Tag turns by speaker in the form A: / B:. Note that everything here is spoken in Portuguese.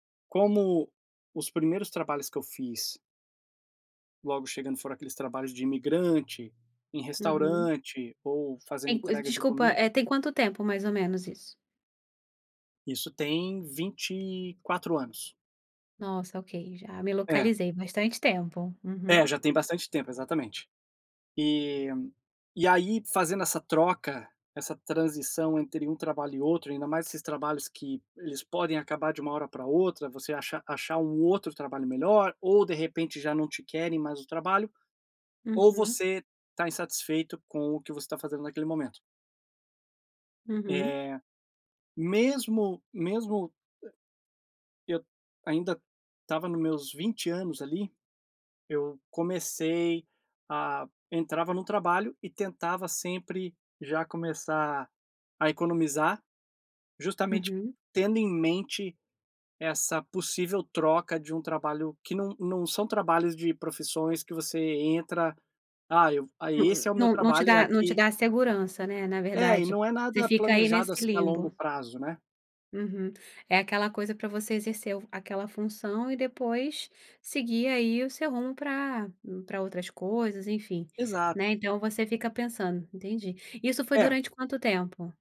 A: Como os primeiros trabalhos que eu fiz logo chegando foram aqueles trabalhos de imigrante, em
B: Uhum.
A: restaurante ou fazendo
B: Tem cois
A: entrega de
B: desculpa,
A: comi
B: eh, tem quanto tempo mais ou menos isso?
A: Isso tem 24 anos.
B: Nossa, ok, já me
A: É.
B: localizei. Bastante tempo, uhum.
A: É, já tem bastante tempo, exatamente. E e aí, fazendo essa troca, essa transição entre um trabalho e outro, ainda mais esses trabalhos que eles podem acabar de uma hora pra outra, você acha achar um outro trabalho melhor ou, de repente, já não te querem mais no trabalho, ou
B: Uhum.
A: você está insatisfeito com o que você está fazendo naquele momento.
B: Uhum.
A: Eh, mesmo mesmo e eu ainda estava nos meus 20 anos ali, eu comecei a entrava no trabalho e tentava sempre já começar a economizar, justamente
B: Uhum.
A: tendo em mente essa possível troca de um trabalho que não não são trabalhos de profissões que você entra: "Ah,
B: Nã
A: esse é o meu
B: nã não te
A: trabalho, é
B: dá não te
A: aqui"
B: dá segurança, né, na
A: É, e
B: verdade.
A: não é
B: Você
A: nada
B: fica aí
A: planejado,
B: nesse
A: assim, a longo
B: limbo.
A: prazo, né?
B: Uhum. É aquela coisa pra você exercer fu aquela função e depois seguir aí o seu rumo pra pra outras coisas, enfim.
A: Exato.
B: Né, então você fica pensando, entendi. Isso foi
A: É.
B: durante quanto tempo?